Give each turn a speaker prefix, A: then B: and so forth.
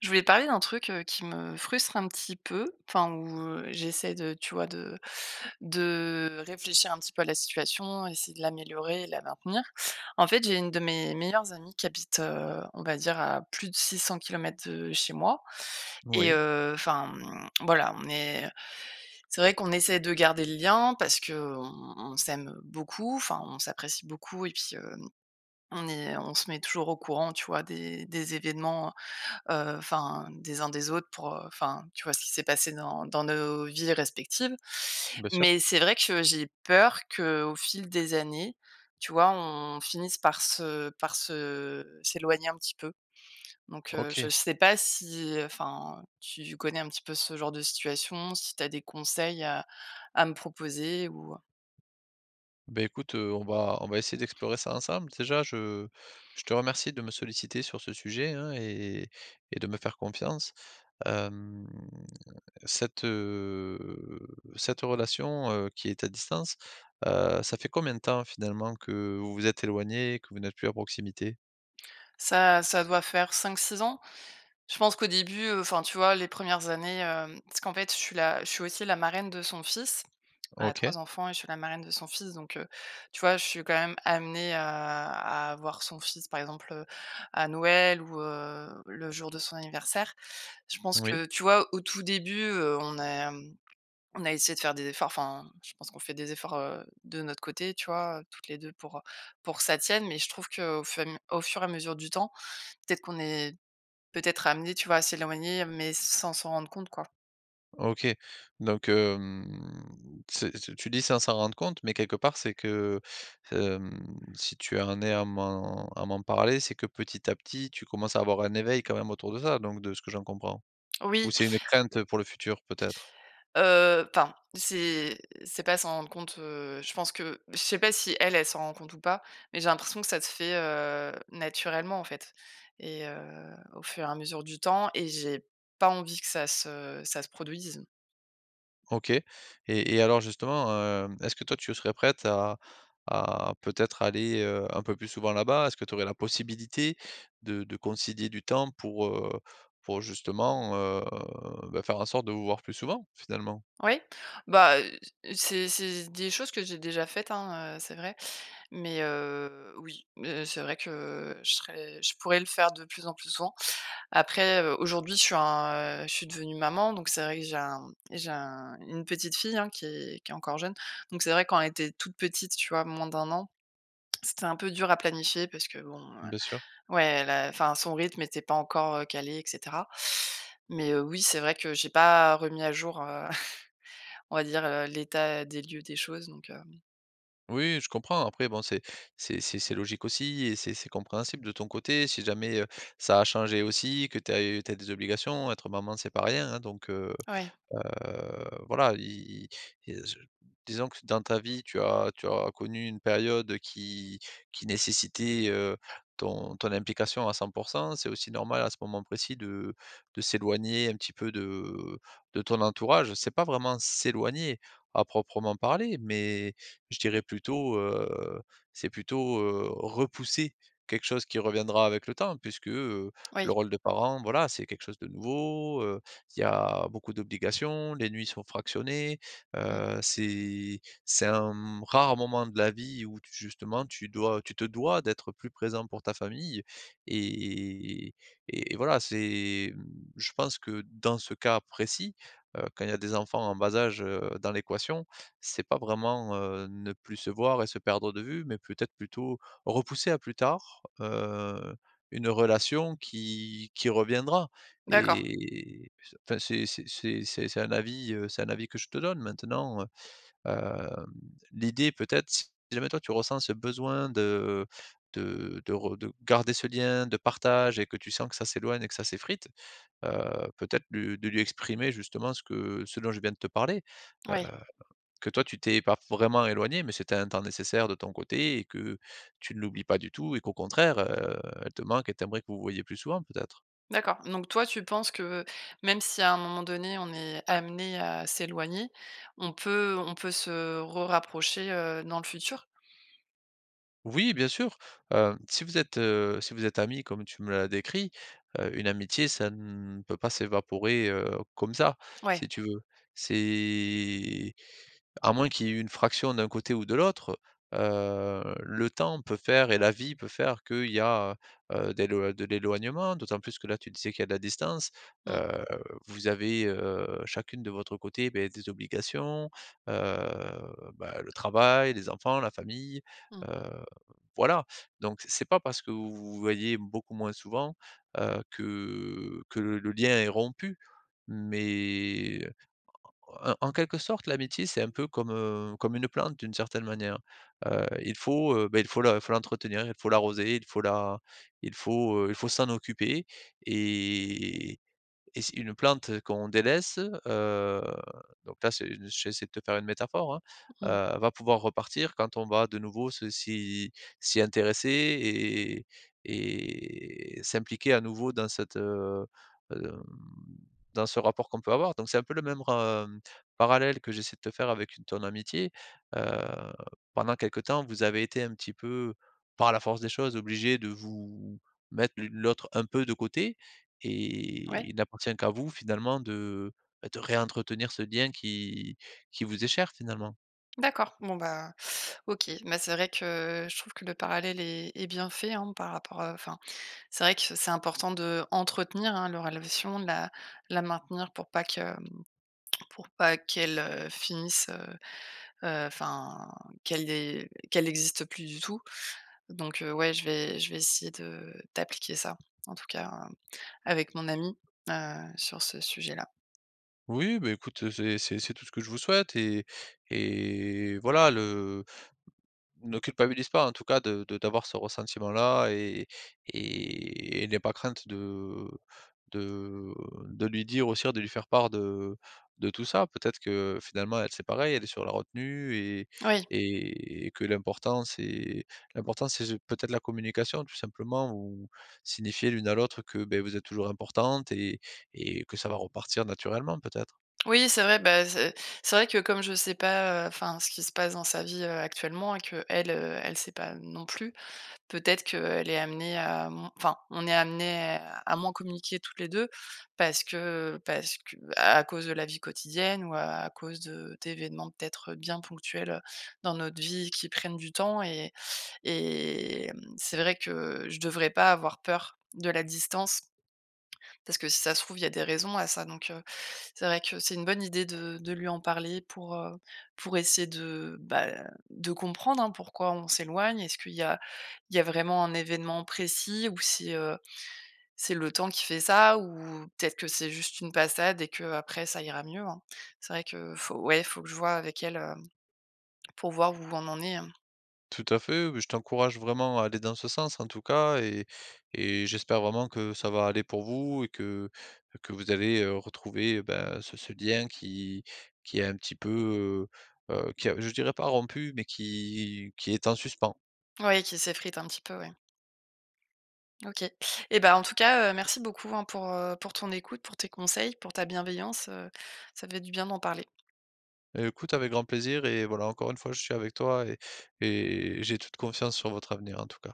A: Je voulais parler d'un truc, heu, qui me frustre un petit peu enfin, où, heu, j'essaie de, tu vois, de de réfléchir un petit peu à la situation, essayer de l'améliorer et la maintenir. En fait, j'ai une de mes meilleures amies qui habite, heu, on va dire à plus de 600 kilomètres de chez moi, et
B: Oui.
A: heu enfin, hem, voilà, on est c'est vrai qu'on essaie de garder le lien parce qu'on on s'aime beaucoup enfin on s'apprécie beaucoup. Et puis, heu, on est on se met toujours au courant, tu vois, des des événements, heu, heu enfin des uns des autres pour, heu enfin, tu vois, ce qui s'est passé dans dans nos vies respectives.
B: Bien sûr.
A: Mais c'est vrai que j'ai peur qu'au fil des années, tu vois, on finisse par se par se s'éloigner un petit peu. Donc, heu, je
B: OK.
A: sais pas si enfin, heu, tu connais un petit peu ce genre de situation, si tu as des conseils à à me proposer, ou, heu?
B: Beh écoute, heu, on va on va essayer d'explorer ça ensemble. Déjà, je je te remercie de me solliciter sur ce sujet, hein, et et et de me faire confiance. Hem, cette, heu, cette relation, heu, qui est à distance, heu, ça fait combien de temps, finalement, que vous vous êtes éloignées, que vous n'êtes plus à proximité?
A: Ça ça doit faire 5-6 ans. Je pense qu'au début, heu enfin, tu vois, les premières années, hem parce qu'en fait je suis la je suis aussi la marraine de son fils, elle a
B: OK.
A: 3 enfants et je suis la marraine de son fils, donc, heu, tu vois, je suis quand même amenée à à voir son fils, par exemple, heu, à Noël ou, heu, le jour de son anniversaire. Je pense
B: Oui.
A: que, tu vois, au tout début, heu, on a, hem, on a essayé de faire des efforts enfin, je pense qu'on fait des efforts, heu, de notre côté, tu vois, heu, toutes les 2 pour, heu, pour que ça tienne. Mais je trouve qu'au fem au fur et à mesure du temps, peut-être qu'on est peut-être amenées, tu vois, à s'éloigner, mais sans s'en rendre compte, quoi.
B: OK. Donc, hem, c'est c tu dis sans s'en rendre compte, mais quelque part c'est que, hem, si tu en es à m'en à m'en parler, c'est que petit à petit, tu commences à avoir un éveil quand même autour de ça, donc de ce que j'en comprends? Ou
A: Oui.
B: c'est une crainte, heu, pour le futur, peut-être?
A: Heu, enfin, c'est c'est pas s'en rendre compte, heu, je pense que je sais pas si elle, elle s'en rend compte ou pas, mais j'ai l'impression que ça se fait, heu, naturellement en fait et heu, au fur et à mesure du temps et j'ai pas envie que ça se ça se produise.
B: OK. Et et alors justement, heu, est-ce que toi tu serais prête à à peut-être aller, heu, un peu plus souvent là-bas? Est-ce que tu aurais la possibilité de de concilier du temps pour, heu, pour justement, heu, bah, faire en sorte de vous voir plus souvent, finalement?
A: Oui. Bah, heu, c c'est c'est s des choses que j'ai déjà faites, hein, heu, c'est vrai. Mais, heu, oui. Mais c'est vrai que je serais je pourrais le faire de plus en plus souvent. Après, heu, aujourd'hui je suis un, heu, je suis devenu maman, donc c'est vrai que j'ai un j'ai un une petite fille, hein, qui qui est encore jeune. Donc c'est vrai quand elle était toute petite, tu vois? Moins d'1 an, c'était un peu dur à planifier parce que bon, heu,
B: Bien sûr.
A: ouais elle a enfin, son rythme était pas encore, heu, calé, et cetera. Mais, heu, oui, c'est vrai que j'ai pas remis à jour, heu, on va dire, heu, l'état des lieux des choses, donc, hem.
B: Oui, je comprends après, bon, c'est c'est c'est c'est logique aussi et c'est c'est compréhensible de ton côté si jamais, heu, ça a changé aussi, que tu as eu tu as des obligations. Être maman c'est pas rien, hein. Donc, heu
A: Ouais.
B: heu, voilà i i il y a ce disons que ce dans ta vie, tu as tu as connu une période, heu, qui qui nécessitait, heu, ton ton implication à 100 %. C'est aussi normal à ce moment précis de de s'éloigner un petit peu de, heu, de ton entourage. C'est pas vraiment s'éloigner, à proprement parler mais je dirais plutôt, heu, c'est plutôt, heu, repousser quelque chose qui reviendra avec le temps. Puisque, heu, le
A: Oui.
B: rôle de parent voilà, c'est quelque chose de nouveau, heu, il y a beaucoup d'obligations, les nuits sont fractionnées,
A: Mmh.
B: heu, c'est c'est un, mmh, rare moment de la vie où tu justement, tu dois tu te dois d'être plus présente pour ta famille et et et et voilà. C'est mmh, je pense que dans ce cas précis, heu, quand il y a des enfants en bas âge, heu, dans l'équation, c'est pas vraiment, heu, ne plus se voir et se perdre de vue mais peut-être plutôt repousser à plus tard, heu, une relation qui qui reviendra
A: D'accord.
B: et c enfin c'est c'est c'est c'est un avis, heu, c'est un avis que je te donne maintenant, heu, hem. L'idée, peut-être, si jamais toi tu ressens ce besoin de, heu, de de ro de garder ce lien de partage et que tu sens que ça s'éloigne et que ça s'effrite, heu, peut-être le de lui exprimer justement ce que ce dont je viens de te parler. Heu,
A: Ouais.
B: que toi tu t'es pas vraiment éloignée mais c'était un temps nécessaire de ton côté et que tu ne l'oublies pas du tout et qu'au contraire, heu, elle te manque et tu aimerais que vous vous voyiez plus souvent peut-être.
A: D'accord, donc toi tu penses que, heu, même si à un moment donné on est amenées à s'éloigner, on peut, heu, on peut se rerapprocher, heu, dans le futur?
B: Oui, bien sûr. Hem, si vous êtes, heu, si vous êtes amies comme tu me l'as décrit, heu, une amitié ça ne peut pas s'évaporer, heu, comme ça,
A: Ouais.
B: si tu veux. C'est à moins qu'il y ait une fraction d'un côté ou de l'autre, heu, le temps peut faire et la vie peut faire qu'il y a, heu, d'éloi de l'éloignement, d'autant plus que là, tu disais qu'il y a de la distance.
A: Mmh.
B: Heu, vous avez, heu, chacune de votre côté, beh, des obligations, heu, bah, le travail, les enfants, la famille,
A: Mmh.
B: heu, voilà donc c'est pas parce que vous vous voyez beaucoup moins souvent, heu, que que le le lien est rompu mais en en en quelque sorte, l'amitié c'est un peu comme, heu, comme une plante, d'une certaine manière. Heu, il faut, heu, bah, il faut faut l'entretenir, il faut l'arroser, il faut la il faut, heu, il faut s'en occuper et et c'est une plante qu'on délaisse, heu donc là c'est j'essaie de te faire une métaphore, hein
A: Mmh mh.
B: heu, va pouvoir repartir quand on va de nouveau se s'y s'y intéresser et et s'impliquer à nouveau dans cette, heu, hem dans dans ce rapport qu'on peut avoir donc c'est un peu le même re heu, parallèle que j'essaie de te faire avec une ton amitié. Heu, pendant quelques temps vous avez été un petit peu, par la force des choses, obligées de vous mettre l'une l'autre un peu de côté
A: Ouais.
B: et il n'appartient qu'à vous, finalement, de, bah, de réentretenir ce lien qui qui vous est cher, finalement.
A: D'accord. Bon, ben, OK. Bah, c'est vrai que je trouve que le parallèle est est bien fait, hein. Par rapport à enfin c'est vrai que c'est important d'entretenir, hein, la relation, de la la maintenir pour pas que, hem, pour pas qu'elle, heu, finisse, heu, heu, enfin qu'elle é qu'elle existe plus du tout. Donc, heu, ouais, je vais je vais essayer de d'appliquer ça, en tout cas, avec mon amie, heu, sur ce sujet-là.
B: Oui, beh, écoute, heu, c'est c'est c'est tout ce que je vous souhaite. Et et voilà le ne culpabilise pas en tout cas de de d'avoir ce ressentiment-là. Et et n'aie pas crainte de, heu de, heu, de lui dire aussi de lui faire part de de tout ça peut-être que, finalement, elle c'est pareil. Elle est sur la retenue et
A: Oui.
B: et que l'important c'est l'important c'est ju peut-être la communication, tout simplement. Ou signifier l'une à l'autre que, beh, vous êtes toujours importantes et et que ça va repartir naturellement, peut-être.
A: Oui, c'est vrai, bah, c'est c'est vrai que comme je sais pas, heu, enfin ce qui se passe dans sa vie, heu, actuellement et qu'elle, elle sait pas non plus. Peut-être qu'elle est amenée à, hem enfin, on est amenées à moins communiquer toutes les 2 parce que parce que, bah, à cause de la vie quotidienne ou à cause de d'événements, peut-être, bien ponctuels, heu, dans notre vie qui prennent du temps. Et et hem, c'est vrai que, je devrais pas avoir peur de la distance, parce que si ça se trouve, il y a des raisons à ça. Donc, heu, c'est vrai que c'est une bonne idée de de lui en parler pour, heu, pour essayer de, bah, de comprendre hein, pourquoi on s'éloigne. Est-ce qu'il y a il y a vraiment un événement précis ou si, heu, c'est le temps qui fait ça ou peut-être que c'est juste une passade et qu'après ça ira mieux, hein. C'est vrai que faut ouais, faut que je vois avec elle, heu, pour voir où on en est, hein.
B: Tout à fait, beh, je t'encourage vraiment à aller dans ce sens en tout cas. Et et j'espère vraiment que ça va aller pour vous et que que vous allez, heu, retrouver et ben, ce ce lien qui qui est un petit peu, heu, heu, qui a je dirais pas rompu mais qui qui est en suspens.
A: Oui, qui s'effrite un petit peu, oui. OK. Et bah, en tout cas, heu, merci beaucoup, hein. Pour, heu, pour ton écoute, pour tes conseils, pour ta bienveillance, heu. Ça fait du bien d'en parler.
B: Heu, écoute avec grand plaisir et voilà encore une fois je suis avec toi et et j'ai toute confiance sur votre avenir en tout cas.